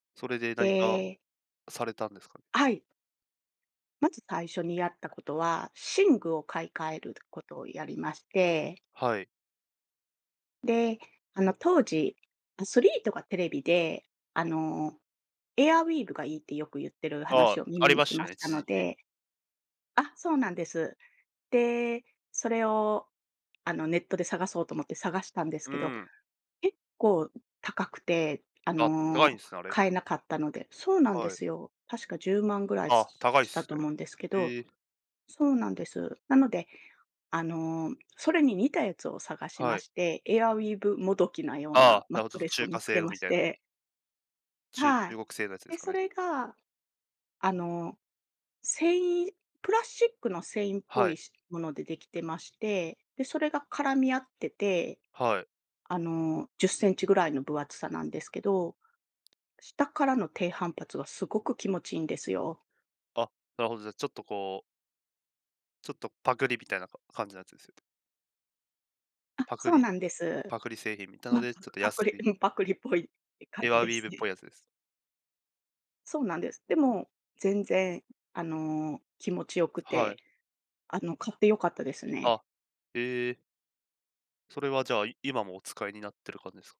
それでへ何か、え。されたんですか？はい。まず最初にやったことは、寝具を買い換えることをやりましてはい。で、あの、当時アスリートが、テレビで、あの、エアウィーヴがいいってよくゆってるああ、話をあ耳りにまししたまね、した一の時期。であ、そうなんです。で、それを、あの、ネットで探そうと思って探したんですうけど、ん。結構高くて、ああ、高いんの、すね、あれ。買えなかったのでそうなんではい。すよ、確か10万ぐらい、あすあ、す、高いっしたすとね。思うんですけどへえ。そうなんです。なので、あの、それに似たやつを探しまはい。して、エアウィーヴもどきなようあなあ、マなッるほトど、レスを中見華つ製けのまみしたいなてちゅは中い。国製のやつですで、かそね。れが、あの、繊維プラスチックの繊維っぽはい、い。し、ものでできてまして、で、それが絡み合ってて、はい。あの、10cmぐらいの分厚さなんですけど、下からの低反発がすごく気持ちいいんですよ。あ、なるほど、じゃあちょっとこうちょっとパクリみたいな、か感じのやつですんねあ、パクそうリなんです。パクリ製品みたのま、でちパょっクとパク安リいうん、パクリっぽいい、感エじアウでィーすヴっね。ぽいやつです。そうなんです。でも、全然、あの、気持ちよくはい。て、あの、買って良かったですね。あ、ええ。それはじゃあ、い今もお使いになってる感じですか？